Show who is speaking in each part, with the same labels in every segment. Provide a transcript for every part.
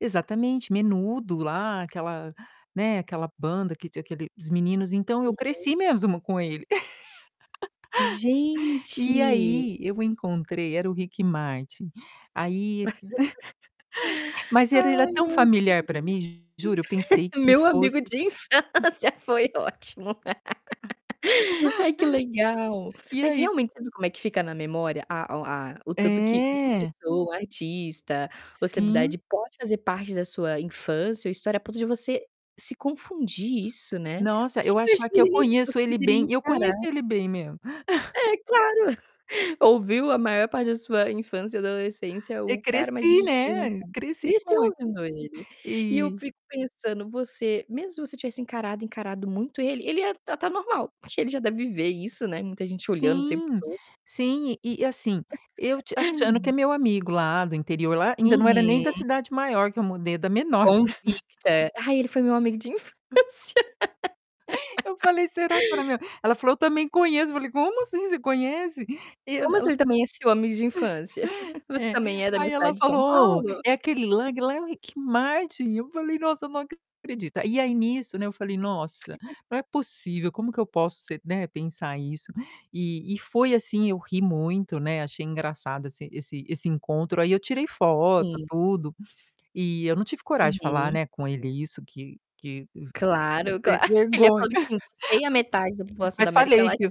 Speaker 1: Exatamente, Menudo, lá aquela né, aquela banda que tinha aquele os meninos. Então, eu
Speaker 2: Uhum.
Speaker 1: cresci mesmo com ele. E
Speaker 2: Gente!
Speaker 1: aí, eu encontrei era o Rick Martin, aí mas ele era era
Speaker 2: Ai
Speaker 1: tão
Speaker 2: meu
Speaker 1: familiar pra mim, juro, eu
Speaker 2: Deus.
Speaker 1: pensei que
Speaker 2: Meu amigo
Speaker 1: fosse
Speaker 2: de infância foi ótimo. Ai que legal.
Speaker 1: E
Speaker 2: Mas
Speaker 1: aí
Speaker 2: realmente, você viu como é que fica na memória a o a o tanto que uma
Speaker 1: É.
Speaker 2: pessoa, o artista, ou
Speaker 1: Sim.
Speaker 2: estabilidade pode fazer parte da sua infância ou história a ponto de você se confundir isso, né.
Speaker 1: Nossa, eu
Speaker 2: Eu acho
Speaker 1: achar
Speaker 2: que
Speaker 1: que eu
Speaker 2: ele nem você
Speaker 1: conheço ele
Speaker 2: poderia
Speaker 1: bem, eu
Speaker 2: encarar
Speaker 1: conheço ele bem mesmo.
Speaker 2: É claro, ouviu a maior parte da sua infância e adolescência,
Speaker 1: E
Speaker 2: o cara mas deixa
Speaker 1: cresci,
Speaker 2: eu te
Speaker 1: né,
Speaker 2: perguntar
Speaker 1: cresci
Speaker 2: cresceu
Speaker 1: com el
Speaker 2: ouvindo ele, e eu
Speaker 1: eh
Speaker 2: fico pensando, você mesmo se você tivesse encarado, encarado muito ele, ele ia tratar normal, porque ele já deve viver isso, né, muita gente olhando o tempo
Speaker 1: Sim,
Speaker 2: todo.
Speaker 1: sim. E e, assim, eu te achando que é
Speaker 2: [unintelligible]
Speaker 1: meu amigo lá do interior lá ainda não era nem da
Speaker 2: Uhum.
Speaker 1: cidade maior que eu mudei, é da menor.
Speaker 2: Convicta: "Ai ele foi meu amigo de infância."
Speaker 1: Eu falei: "Será, que ela era meu" Ela falou: "Eu também conheço", falei: "Como assim, você conhece?". E eu
Speaker 2: "Como
Speaker 1: não
Speaker 2: assim, ele também é seu amigo de infância? Você
Speaker 1: É,
Speaker 2: também é da
Speaker 1: aí
Speaker 2: minha cidade
Speaker 1: ela
Speaker 2: de São
Speaker 1: falou: "Ou,
Speaker 2: Paulo?"
Speaker 1: é aquele lá lá é o Rick Martin", eu falei: "Nossa eu não acredito". E aí nisso, né, eu falei: "Nossa, não é possível, como que eu posso ser né, pensar isso?" E e foi assim, eu ri muito, né, achei engraçado esse esse esse encontro, aí eu tirei foto,
Speaker 2: Sim.
Speaker 1: tudo, e eu não tive coragem de falar,
Speaker 2: Uhum.
Speaker 1: né, com ele isso, que que v
Speaker 2: Claro,
Speaker 1: ver
Speaker 2: claro. Ele ia falar
Speaker 1: vergonha.
Speaker 2: bem, assim: "Você e a metade da população da
Speaker 1: Mas
Speaker 2: América
Speaker 1: falei
Speaker 2: Latina"
Speaker 1: que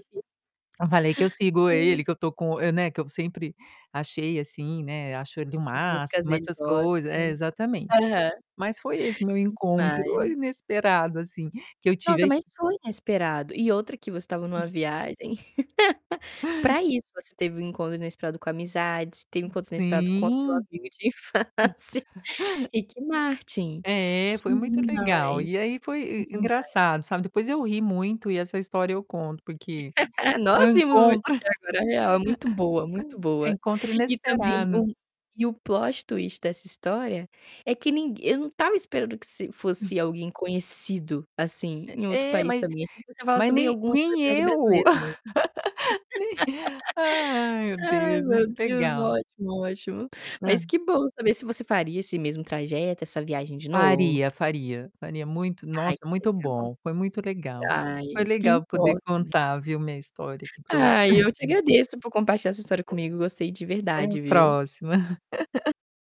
Speaker 1: eu falei que eu sigo ele,
Speaker 2: Ai.
Speaker 1: que eu estou com eu né, que eu sempre achei assim, né, acho ele o
Speaker 2: As músicas
Speaker 1: máximo,
Speaker 2: deles
Speaker 1: essas
Speaker 2: são
Speaker 1: coisa é,
Speaker 2: ótimas.
Speaker 1: exatamente.
Speaker 2: Aham.
Speaker 1: Mas foi esse o meu
Speaker 2: Que
Speaker 1: encontro,
Speaker 2: demais!
Speaker 1: inesperado, assim, que eu tive
Speaker 2: Nossa,
Speaker 1: aqui.
Speaker 2: mas foi inesperado e outra que você estava numa viagem, pra isso, você teve um encontro inesperado com amizades, teve um encontro inesperado com o seu
Speaker 1: Sim.
Speaker 2: amigo de infância, Ricky Martin.
Speaker 1: É,
Speaker 2: Que
Speaker 1: foi muito legal.
Speaker 2: demais!
Speaker 1: E aí foi
Speaker 2: Que
Speaker 1: e e
Speaker 2: demais!
Speaker 1: engraçado, sabe, depois eu ri muito e essa história eu conto porque, foi
Speaker 2: Nós
Speaker 1: um
Speaker 2: vimos o Ricky
Speaker 1: encontro,
Speaker 2: aqui agora, real, é muito boa, muito boa.
Speaker 1: encontro
Speaker 2: E também
Speaker 1: inesperado.
Speaker 2: o e o plot twist dessa história é que nin eu não estava esperando que se fosse alguém conhecido, assim,
Speaker 1: Eh,
Speaker 2: em outro
Speaker 1: é
Speaker 2: país
Speaker 1: mas
Speaker 2: também, achei que você ia falar
Speaker 1: mas
Speaker 2: sobre
Speaker 1: nem
Speaker 2: alguma
Speaker 1: nem
Speaker 2: celebridade
Speaker 1: eu.
Speaker 2: brasileira mesmo.
Speaker 1: Nem Ai, meu
Speaker 2: Ai
Speaker 1: Deus, muito
Speaker 2: meu Deus,
Speaker 1: legal.
Speaker 2: ótimo, ótimo.
Speaker 1: Hã.
Speaker 2: Mas que bom saber se você faria esse mesmo trajeto essa viagem de novo?
Speaker 1: Faria, faria, faria muito.
Speaker 2: Ai,
Speaker 1: Nossa,
Speaker 2: que
Speaker 1: muito
Speaker 2: legal.
Speaker 1: bom, foi muito legal.
Speaker 2: Ai,
Speaker 1: Foi
Speaker 2: isso que
Speaker 1: legal poder
Speaker 2: importa, né.
Speaker 1: contar, viu, minha história aqui pra você.
Speaker 2: Ai, eu te agradeço por compartilhar a sua história comigo gostei de
Speaker 1: Até a
Speaker 2: verdade viu.
Speaker 1: próxima.